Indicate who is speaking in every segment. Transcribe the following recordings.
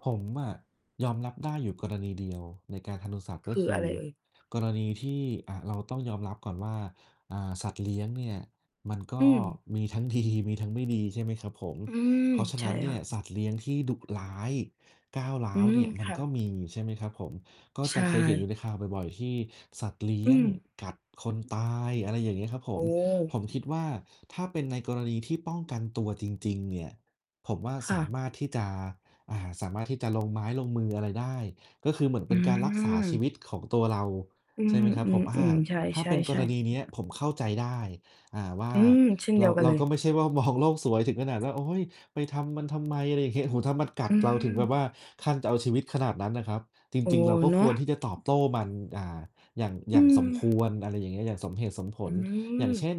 Speaker 1: ผมอะยอมรับได้อยู่กรณีเดียวในการทารุณสัตว์ ก
Speaker 2: ค
Speaker 1: ็
Speaker 2: ื
Speaker 1: ค
Speaker 2: อ
Speaker 1: ื
Speaker 2: อะ
Speaker 1: อ
Speaker 2: ไรเอ่ย?
Speaker 1: กรณีที่ อะ เราต้องยอมรับก่อนว่า อ่า สัตว์เลี้ยงเนี่ยมันก
Speaker 2: อื
Speaker 1: ็
Speaker 2: ม
Speaker 1: มีทั้ง ดี มีทั้งไม่ดี ใช่ไหมครับผม
Speaker 2: อืม
Speaker 1: เพราะฉะ
Speaker 2: ใ
Speaker 1: น
Speaker 2: ช
Speaker 1: ั
Speaker 2: ่
Speaker 1: ้นเนี
Speaker 2: ค
Speaker 1: ่
Speaker 2: ่
Speaker 1: ยส
Speaker 2: ะ
Speaker 1: ัตว์เลี้ยงที่ดุร้ายก้าวร้า
Speaker 2: อื
Speaker 1: ว
Speaker 2: ม
Speaker 1: เนี่ยมั
Speaker 2: ค
Speaker 1: น
Speaker 2: ่ะ
Speaker 1: ก็มี ใช่ไหมครับผม ก็
Speaker 2: ใช
Speaker 1: จะเคยเห็นอ
Speaker 2: ่
Speaker 1: ยู่ในข่าวบ่อย ๆ ที่สัตว์เลี้
Speaker 2: อื
Speaker 1: ยง
Speaker 2: ม
Speaker 1: กัดคนตาย อะไรอย่างเงี้ยครับผ
Speaker 2: โอ
Speaker 1: ม
Speaker 2: ้
Speaker 1: ผมคิดว่าถ้าเป็นในกรณีที่ป้องกันตัวจริง ๆ เนี่ย ผมว่า
Speaker 2: ค
Speaker 1: ส
Speaker 2: ่
Speaker 1: า
Speaker 2: ะ
Speaker 1: มารถที่จะ อ่า สามารถที่จะลงไม้ลงมืออะไรได้ ก็คือเหมือนเ
Speaker 2: อ
Speaker 1: ป
Speaker 2: ื
Speaker 1: ็นการรักษาชี
Speaker 2: อ
Speaker 1: วิตของตัวเรา
Speaker 2: อื
Speaker 1: ใช่ไหมครับผม อ่า
Speaker 2: อ ๆ ๆ ใ
Speaker 1: ถ้า
Speaker 2: ช
Speaker 1: เป็นกร
Speaker 2: ่
Speaker 1: ณ
Speaker 2: ๆ
Speaker 1: ีเนี้ย
Speaker 2: ๆ
Speaker 1: ผมเข้าใจได้ อ่า ว่า
Speaker 2: อืม เช่นเ
Speaker 1: เ
Speaker 2: ด
Speaker 1: ร
Speaker 2: ี
Speaker 1: า
Speaker 2: ยวกัน
Speaker 1: เรา
Speaker 2: เล
Speaker 1: ก
Speaker 2: ย
Speaker 1: ็ไม่ใช่ว่า มอง โลกสวยถึงขนาดว่า โอ้ย ไปทำมันทำไม อะไร อย่างเงี้ย โอ้โฮ ถ้ามันกั
Speaker 2: อ
Speaker 1: ด
Speaker 2: ื
Speaker 1: เราถึงแบบว่า
Speaker 2: ม
Speaker 1: ขั้นจะเอาชีวิตขนาดนั้นนะครับ จ
Speaker 2: โอ้
Speaker 1: ริง ๆ เราก็
Speaker 2: เน
Speaker 1: ค
Speaker 2: า
Speaker 1: ว
Speaker 2: ะ
Speaker 1: รที่จะตอบโต้มัน อ่า อย่าง อย
Speaker 2: อื
Speaker 1: ่างสมค
Speaker 2: ม
Speaker 1: วร อะไรอย่างเงี้ย อย่างสมเหตุสมผ
Speaker 2: อื
Speaker 1: ล อย่างเช
Speaker 2: ม
Speaker 1: ่น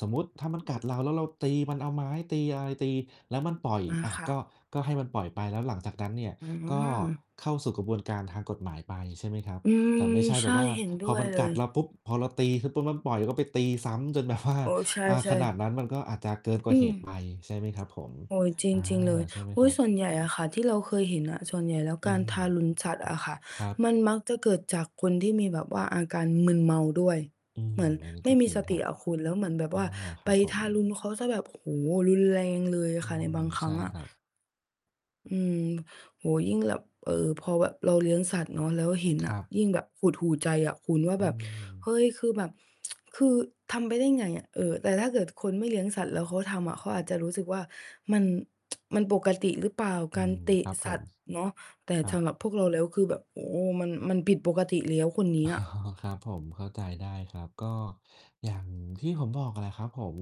Speaker 1: สมมุติถ้ามันกัดเราแล้วเราตีมัน เอาไม้ตีอะไรตี แล้วมันปล่อย
Speaker 2: อา
Speaker 1: อะ
Speaker 2: ค่
Speaker 1: ก
Speaker 2: ะ
Speaker 1: ็ ก็ให้มันปล่อยไป แล้วหลังจากนั้นเนี่ย
Speaker 2: อื
Speaker 1: ก็
Speaker 2: ม
Speaker 1: เข้าสู่กระบวนการทางกฎหมายไป ใช่ไหมครับ
Speaker 2: อื
Speaker 1: แ
Speaker 2: ม
Speaker 1: ต่ไม่ใช่แ
Speaker 2: ใช
Speaker 1: บ
Speaker 2: ่
Speaker 1: บว่า
Speaker 2: เห็นด
Speaker 1: พ
Speaker 2: ้
Speaker 1: อ
Speaker 2: วย
Speaker 1: มัน
Speaker 2: เล
Speaker 1: กัด
Speaker 2: ย
Speaker 1: เราปุ๊บ พอเราตีขึ้นปุ๊บมันปล่อยก็ไปตีซ้ำจน แบบว่า
Speaker 2: อ๋อ ใช
Speaker 1: อ่า ข
Speaker 2: ่
Speaker 1: นา
Speaker 2: ๆ
Speaker 1: ดนั้นมันก็อาจจะเกินกว
Speaker 2: อ
Speaker 1: ่
Speaker 2: ื
Speaker 1: าเหตุไป
Speaker 2: ม
Speaker 1: ใช่ไหมครับผม
Speaker 2: โอ้ย จ
Speaker 1: อา
Speaker 2: ริง ๆ เลย
Speaker 1: ใช่ไหม
Speaker 2: อุ
Speaker 1: ค
Speaker 2: ๊
Speaker 1: ร
Speaker 2: ย
Speaker 1: ั
Speaker 2: ส
Speaker 1: บ?
Speaker 2: ่วนใหญ่อะค่ะ ที่เรา เคยเห็นอ่ะ ส่วนใหญ่แล้ว
Speaker 1: อื
Speaker 2: การ
Speaker 1: ม
Speaker 2: ทารุนสัตว์อะค่ะ
Speaker 1: ครับ
Speaker 2: มันมักจะเกิดจากคนที่มีแบบว่าอาการมึนเมาด้วย
Speaker 1: อื
Speaker 2: เ
Speaker 1: ม
Speaker 2: หมือน
Speaker 1: อันนี้
Speaker 2: ไม
Speaker 1: ก
Speaker 2: ่
Speaker 1: ็
Speaker 2: ม
Speaker 1: จ
Speaker 2: ี
Speaker 1: ริง
Speaker 2: ส
Speaker 1: ค
Speaker 2: ต
Speaker 1: ร
Speaker 2: ิ
Speaker 1: ับ
Speaker 2: อะคุณ แล้วเหมือนแบบ
Speaker 1: อา
Speaker 2: ว่า
Speaker 1: ค
Speaker 2: ไ
Speaker 1: ร
Speaker 2: ป
Speaker 1: ับผ
Speaker 2: ท
Speaker 1: ม
Speaker 2: ารุณเขาเสียแบบ โอ้โฮ รุนแรงเลย
Speaker 1: อื
Speaker 2: ค่ะในบา
Speaker 1: ม
Speaker 2: งคร
Speaker 1: ใช
Speaker 2: ั้
Speaker 1: ่
Speaker 2: งอ่ะ
Speaker 1: ครับ
Speaker 2: อืม โอ้โฮ ยิ่งแบบ เอ่อ พอแบบเราเลี้ยงสัตว์เนาะ แล้วเห็น
Speaker 1: ค
Speaker 2: อ
Speaker 1: ร
Speaker 2: ะ
Speaker 1: ับ
Speaker 2: ยิ่งแบบหดหู่ใจอะคุณว่า
Speaker 1: อื
Speaker 2: แบบ
Speaker 1: ม
Speaker 2: เฮ้ย คือแบบ คือทำไปได้ยังไงอะ? เออ แต่ถ้าเกิดคนไม่เลี้ยงสัตว์แล้วเขาทำอะเขาอาจจะรู้สึกว่ามัน มันปกติหรือเปล่า?
Speaker 1: อื
Speaker 2: การ
Speaker 1: ม
Speaker 2: เตะ
Speaker 1: ครับผ
Speaker 2: สั
Speaker 1: ม
Speaker 2: ตว์เนาะ แต่
Speaker 1: ครั
Speaker 2: ส
Speaker 1: บ
Speaker 2: ำหรับพวกเราแล้วคือแบบ โอ้โฮ มัน มันผิดปกติแล้ว คนนี้
Speaker 1: อ๋อ
Speaker 2: อะ
Speaker 1: ครับผม เข้าใจได้ครับ ก็อย่างที่ผมบอกแหละครับผม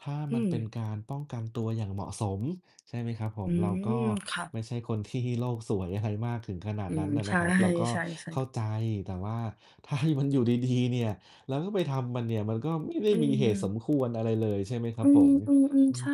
Speaker 1: ถ้า
Speaker 2: อื
Speaker 1: มันเป็น
Speaker 2: ม
Speaker 1: การป้องกันตัวอย่างเหมาะสม ใช่ไหมครับผ
Speaker 2: อื
Speaker 1: ม เราก็
Speaker 2: ม ค่ะ
Speaker 1: ไม่ใช่คน ที่โลกสวยอะไร มากถึงขนาด
Speaker 2: อื
Speaker 1: นั
Speaker 2: ม
Speaker 1: ้นอะ
Speaker 2: ใช
Speaker 1: นะครับ เราก็
Speaker 2: ่
Speaker 1: เข้า
Speaker 2: ๆ ๆ
Speaker 1: ใจแต่ว่า ถ้าให้มันอยู่ดี ๆ เนี่ย เราก็ไปทำมันเนี่ยมันก็ไม่ได้
Speaker 2: อื
Speaker 1: มีเหตุส
Speaker 2: ม
Speaker 1: มควรอะไรเลย ใช่ไหมครั
Speaker 2: อื
Speaker 1: บผ
Speaker 2: ม
Speaker 1: ม
Speaker 2: อืม
Speaker 1: อื
Speaker 2: ๆ ใ
Speaker 1: ม
Speaker 2: ช่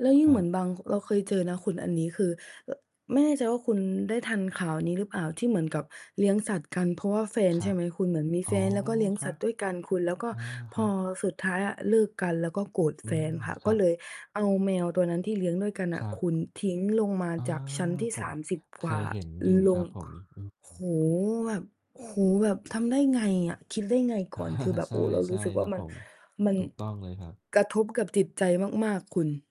Speaker 2: แล้วยิ่
Speaker 1: ค
Speaker 2: ง
Speaker 1: รั
Speaker 2: เหมือ
Speaker 1: บ
Speaker 2: นบาง ค เราเคยเจอนะคุณอันนี้ คือ อ ไม่แน่ใจว่าคุณได้ทันข่าวนี้หรือเปล่า? ที่เหมือนกับเลี้ยงสัตว์กันเพราะว่าแฟน
Speaker 1: คร
Speaker 2: ใช
Speaker 1: ั
Speaker 2: ่
Speaker 1: บ
Speaker 2: ไหมคุณ เหมือนมี
Speaker 1: อ๋
Speaker 2: แฟ
Speaker 1: อ
Speaker 2: นแล้วก็เลี้ยง
Speaker 1: คร
Speaker 2: ส
Speaker 1: ั
Speaker 2: ัต
Speaker 1: บ
Speaker 2: ว์ด้วยกันคุณ แล้วก็
Speaker 1: อา ค
Speaker 2: พ
Speaker 1: รั
Speaker 2: อ
Speaker 1: บ
Speaker 2: สุดท้ายอะเลิกกัน แล้วก็โกรธ
Speaker 1: อื
Speaker 2: แฟน
Speaker 1: ม
Speaker 2: ค่ะ
Speaker 1: ค
Speaker 2: ก
Speaker 1: ร
Speaker 2: ็
Speaker 1: ั
Speaker 2: เ
Speaker 1: บ
Speaker 2: ลย เอาแมวตัวนั้นที่เลี้ยงด้วยกัน
Speaker 1: ค
Speaker 2: น่ะ
Speaker 1: รั
Speaker 2: ค
Speaker 1: บ
Speaker 2: ุณทิ้งลงมา
Speaker 1: อา
Speaker 2: จากชั้นที่
Speaker 1: ผ
Speaker 2: ส
Speaker 1: ม
Speaker 2: ามสิบ
Speaker 1: เ
Speaker 2: ก
Speaker 1: ค
Speaker 2: ว่า
Speaker 1: ยเห็นอยู่
Speaker 2: ล
Speaker 1: ครั
Speaker 2: ง
Speaker 1: บผ
Speaker 2: ค
Speaker 1: ม อืม
Speaker 2: โอ้โฮ! แบบ โอ้โฮ! แบบทำได้ไงอะ คิดได้ไงก่อน คือแบ
Speaker 1: ใ
Speaker 2: บ
Speaker 1: ช
Speaker 2: โอ้โฮ เรารู
Speaker 1: ่
Speaker 2: ้สึก
Speaker 1: ๆ ค
Speaker 2: ว่
Speaker 1: ร
Speaker 2: า
Speaker 1: ับ
Speaker 2: มั
Speaker 1: ผ
Speaker 2: น
Speaker 1: ม
Speaker 2: มัน
Speaker 1: ถูกต้องเลยครับ
Speaker 2: กระทบกับจิตใจมาก ๆ คุณ